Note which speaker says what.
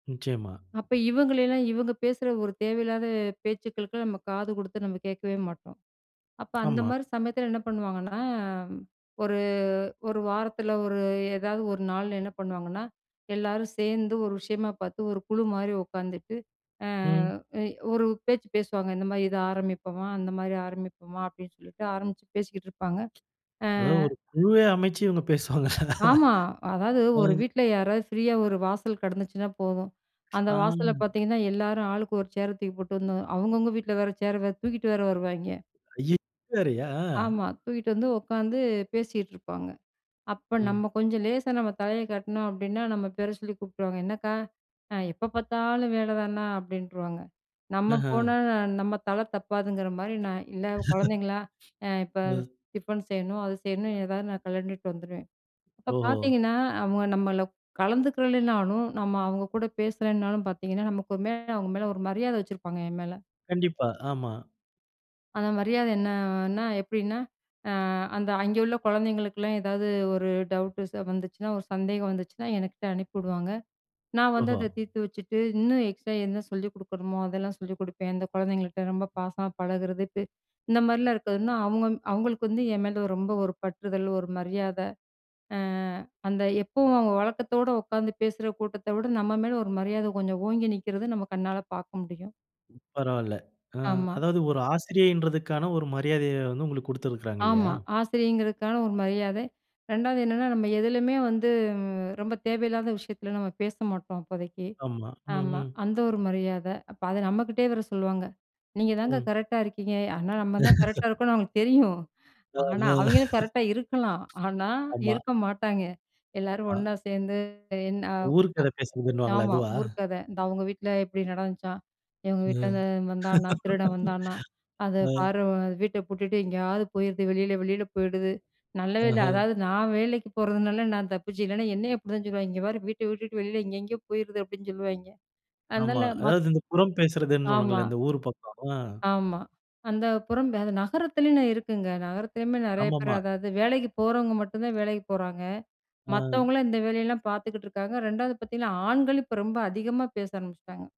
Speaker 1: நிச்சயமா.
Speaker 2: அப்ப இவங்களலாம் இவங்க பேசுற ஒரு தேவையில்லாத பேச்சுக்களுக்குலாம், நம்ம காது குடுத்து நம்ம கேட்கவே மாட்டோம். அப்ப அந்த
Speaker 1: ஆமா.
Speaker 2: மாரி சமயத்தில என்ன பண்ணுவாங்கன்னா, ஒரு ஒரு வாரத்தில ஒரு ஏதாவது ஒரு நாள்ல என்ன பண்ணுவாங்கன்னா, எல்லாரும் சேர்ந்து ஒரு விஷயமா பார்த்து ஒரு குழு மாரி உட்காந்துட்டு, ஆ
Speaker 1: ம்.
Speaker 2: அ ஒரு பேச்சு பேசுவாங்க இந்த மாரி இத ஆரம்பிப்போமா! அந்த மாரி ஆரம்பிப்போமா! அப்டின்னு சொல்லிட்டு ஆரம்பிச்சு பேசிக்கிட்டுருப்பாங்க. ஆ.
Speaker 1: அதாவது ஒரு குழுவை அமைச்சு இவங்க பேசுவாங்கல்ல.
Speaker 2: ஆமா. அதாவது
Speaker 1: அ.
Speaker 2: ஒரு வீட்ல யாராவது ஃப்ரீயா ஒரு வாசல் கிடந்துச்சினா போதும். அந்த
Speaker 1: ஆ
Speaker 2: வாசல்ல பார்த்தீங்கன்னா, எல்லாரும் ஆளுக்கு ஒரு சேர தூக்கி போட்டு வந்து அவங்கவங்க வீட்ல வேற சேர் தூக்கிட்டு வேற வருவாங்கே.
Speaker 1: அய்ய இதுவேறயா? ஆ.
Speaker 2: ஆமா. தூக்கிட்டு வந்து உட்காந்து பேசிட்டு இருப்பாங்க. அப்ப
Speaker 1: ம்.
Speaker 2: நம்ம கொஞ்சம் லேசா நம்ம தலையை காட்னோம் அப்டின்னா, நம்ம பேர சொல்லி கூப்புடுருவாங்க. "என்னக்கா அ எப்போ பார்த்தாலும் வேலதான்னா?" அப்டின்ருவாங்க நம்ம
Speaker 1: ஆஹா.
Speaker 2: போனா நம்ம தலை தப்பாதுங்குற மாரி நான் இல்ல குழந்தைங்களா அ இப்ப
Speaker 1: ம்.
Speaker 2: டிஃபன் செய்யணும், அது செய்யணும் எதாவது நான் கலன்டுட்டு வந்துருவேன். இப்ப
Speaker 1: ஓஹோ!
Speaker 2: பார்த்தீங்கன்னா, அவங்க நம்மள கலந்துக்கலனாலும் நம்ம அவங்க கூட பேசலனாலும் பார்த்தீங்கன்னா, நமக்கு மேல அவங்க மேல ஒரு மரியாத வச்சிருப்பாங்க என் மேல.
Speaker 1: கண்டிப்பா. ஆமா.
Speaker 2: அந்த மரியாதை என்னன்னா, எப்டின்னா அ அந்த அங்கே உள்ள குழந்தைகளுக்கெல்லாம், ஏதாவது ஒரு டவுட் ச வந்துச்சுனா ஒரு சந்தேகம் வந்துச்சுனா, என்கிட்ட அனுப்பி வுடுவாங்க. நான் வந்து
Speaker 1: ஓஹோ!
Speaker 2: அத தீர்த்து வச்சுட்டு, இன்னும் எக்ஸ்ட்ரா என்ன சொல்லிக் குடுக்கணுமோ அதெல்லாம் சொல்லிக் குடுப்பேன். அந்த குழந்தைங்கள்ட்ட ரொம்ப பாசமா பழகுறது. பே இந்த மாரிலாம் இருக்கதுன்னா அவங்க அவங்களுக்கு வந்து என் மேல ரொம்ப ஒரு பற்றுதல் ஒரு மரியாத. ஆ அந்த எப்பவும் அவங்க வழக்கத்தோட உட்காந்து பேசுற கூட்டத்த விட, நம்ம மேல ஒரு மரியாத கொஞ்சம் ஓங்கி நிக்கிறது நம்ம கண்ணால பார்க்க முடியும்.
Speaker 1: பரவால்ல. ஆ
Speaker 2: ஆமா.
Speaker 1: அதாவது ஒரு ஆசிரியைன்றதற்கான ஒரு மரியாதையை வந்து உங்களுக்கு குடுத்திருக்குறாங்க இல்லையா?
Speaker 2: ஆமா, ஆசிரியங்கிறதுக்கான ஒரு மரியாதை. 2வது என்னன்னா, நம்ம எதுலயுமே வந்து ரொம்ப தேவையில்லாத விஷயத்தில நம்ம பேச மாட்டோம் அப்போதைக்கு.
Speaker 1: ஆமா. ம்,
Speaker 2: ஆமா.
Speaker 1: ம்.
Speaker 2: அந்த ஒரு மரியாத அப்ப அத நம்மகிட்டயே வர சொல்லுவாங்க. நீங்க தாங்க
Speaker 1: ம்.
Speaker 2: கரெக்ட்டா இருக்கீங்க. ஆனா, நம்ம தான் கரெக்ட்டா இருக்கோம்னு அவங்களுக்கு தெரியும். ஆனா,
Speaker 1: ஆஹ.
Speaker 2: அவங்களும் கரெக்ட்டா இருக்கலாம். ஆனா,
Speaker 1: ஆமா.
Speaker 2: இருக்க மாட்டாங்க. எல்லாரும்
Speaker 1: மா
Speaker 2: ஒண்ணா சேர்ந்து என்ன அ
Speaker 1: ஊரு கத பேசுறதுன்னுவாங்களே
Speaker 2: ஆமாம்.
Speaker 1: அதுவா?
Speaker 2: ஊர் கத "இந்த அவங்க வீட்ல இப்டி நடந்துச்சாம், எங்க
Speaker 1: ம்.
Speaker 2: வீட்லருந்து வந்தானா திருடன் வந்தானா அத
Speaker 1: ஆ.
Speaker 2: பார்வன் வீட்ட பூட்டிட்டு எங்கேயாவது போயிருது வெளில வெளில போயிடுது." நல்ல வேலை
Speaker 1: ஆஹா!
Speaker 2: அதாவது நான் வேலைக்கு போறதுனால நான் தப்பிச்சு இல்லைன்னா, என்னையும் அப்டி தான் சொல்லுவாங்கே இங்கே பாரு வீட்ட விட்டுட்டு வெளில எங்கே எங்கேயோ போயிருது அப்டின்னு சொல்லுவாங்க
Speaker 1: ஆமா.
Speaker 2: அதனால ம
Speaker 1: அதாவது இந்த புறம் பேசறதுன்னு சொன்னாங்கல்ல,
Speaker 2: ஆமா.
Speaker 1: இந்த ஊர் பக்கம். ஆ.
Speaker 2: ஆமா. அந்த புறம் நகரத்திலேயனு இருக்குங்க நகரத்திலேயுமே நெறைய பேர்
Speaker 1: ஆமாம்மா.
Speaker 2: அதாவது வேலைக்கு போறவங்க மட்டும் தான் வேலைக்கு போறாங்க.
Speaker 1: அ,
Speaker 2: மத்தவங்கலாம் இந்த வேலையெல்லாம் பார்த்துக்குட்டு இருக்காங்க. 2வது பார்த்தீங்கன்னா, ஆண்கள் இப்ப ரொம்ப அதிகமா பேச ஆரம்பிச்சுட்டாங்க.